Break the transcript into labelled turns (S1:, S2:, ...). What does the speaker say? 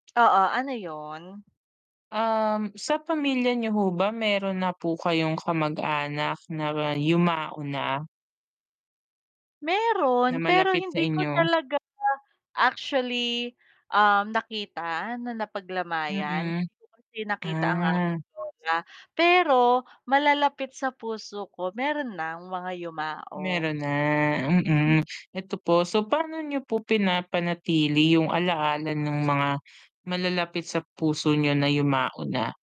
S1: Oo, ano 'yon?
S2: Um, sa pamilya niyo ho ba meron na po kayong kamag-anak na yumao na? Na
S1: Meron, pero
S2: malapit sa
S1: hindi ko
S2: inyo.
S1: talaga actually, um, nakita na napaglamayan,
S2: Mm.
S1: hindi ko kasi nakita ang
S2: Ah.
S1: aking lola. Pero malalapit sa puso ko, meron nang mga yumao.
S2: Meron na,
S1: M
S2: mm. Ito po, so, paano niyo po pinapanatili yung ala-ala ng mga malalapit sa puso niyo na yumao na?